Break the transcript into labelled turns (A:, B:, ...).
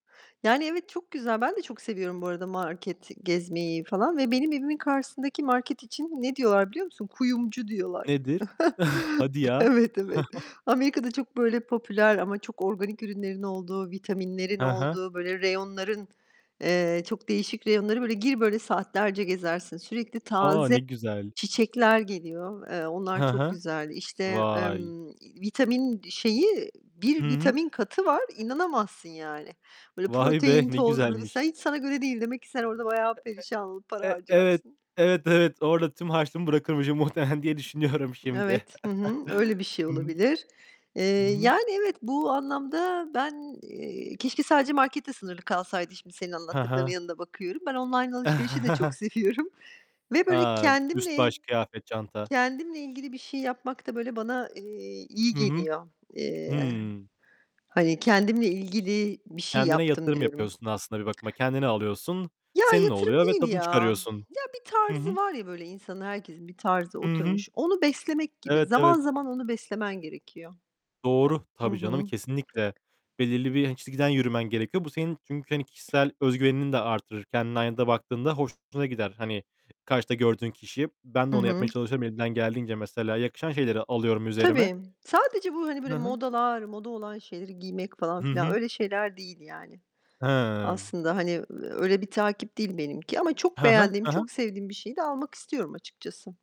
A: Yani, evet, çok güzel. Ben de çok seviyorum bu arada market gezmeyi falan ve benim evimin karşısındaki market için ne diyorlar biliyor musun? Kuyumcu diyorlar.
B: Nedir? Hadi ya.
A: Evet, evet. Amerika'da çok böyle popüler ama çok organik ürünlerin olduğu, vitaminlerin
B: Hı hı.
A: olduğu, böyle reyonların, eee, çok değişik reyonları böyle gir, böyle saatlerce gezersin. Sürekli
B: A, ne
A: taze
B: güzel!
A: çiçekler geliyor. Eee, onlar
B: Hı
A: çok
B: hı,
A: güzel. İşte,
B: vay!
A: emm, iii, vitamin şeyi,
B: I
A: bir
B: hı.
A: vitamin katı var, inanamazsın yani. Böyle,
B: Vay be,
A: protein
B: ne
A: tozları, sen
B: güzelmiş.
A: hiç sana göre değil. Demek ki sen orada bayağı perişan olup
B: E
A: para
B: e e evet,
A: harcarsın.
B: evet, evet. Orada tüm harçlığımı bırakırmışım muhtemelen diye düşünüyorum şimdi.
A: Evet, hı hı, öyle bir şey
B: Hı hı.
A: olabilir, eee,
B: Hı hı.
A: yani, evet bu anlamda ben, eee, keşke sadece marketle sınırlı kalsaydı şimdi senin
B: Ha
A: anlattıklarının
B: ha.
A: yanında bakıyorum. Ben online alışverişi de çok seviyorum ve böyle
B: A, üst
A: kendimle
B: baş, kıyafet, çanta.
A: kendimle ilgili bir şey yapmak da böyle bana, eee, iyi
B: Hı hı.
A: geliyor. Eee,
B: Hıı.
A: hani, kendimle ilgili bir şey
B: Kendine
A: yaptım
B: yatırım
A: diyorum.
B: yapıyorsun aslında bir bakıma. Kendine alıyorsun.
A: Ya,
B: Senin
A: yatırım
B: oluyor ve
A: değil
B: tadını
A: ya.
B: çıkarıyorsun.
A: Ya, bir
B: Hı hı.
A: tarzı var ya böyle insanın, herkesin bir tarzı
B: Hı hı.
A: oturmuş, onu beslemek gibi.
B: Evet,
A: Zaman
B: evet.
A: zaman onu beslemen gerekiyor.
B: Doğru,
A: Hı
B: tabii canım
A: hı.
B: kesinlikle. Belirli bir, hani, çizgiden yürümen gerekiyor. Bu senin çünkü, hani, kişisel özgüvenini de arttırır. Kendinin aynada baktığında hoşuna gider, hani, karşıda gördüğün kişi. Ben de
A: Hı
B: onu
A: hı.
B: yapmaya çalışıyorum elimden geldiğince mesela yakışan şeyleri alıyorum üzerime.
A: Tabii. Sadece bu, hani,
B: Hı
A: böyle
B: hı.
A: modalar, moda olan şeyleri giymek falan
B: Hı
A: filan,
B: hı.
A: öyle şeyler değil yani.
B: Hımm.
A: Aslında, hani, eee, öyle bir takip değil benimki ama çok
B: Hı hı.
A: beğendiğim,
B: Hı
A: çok
B: hı.
A: sevdiğim bir şeyi de almak istiyorum açıkçası.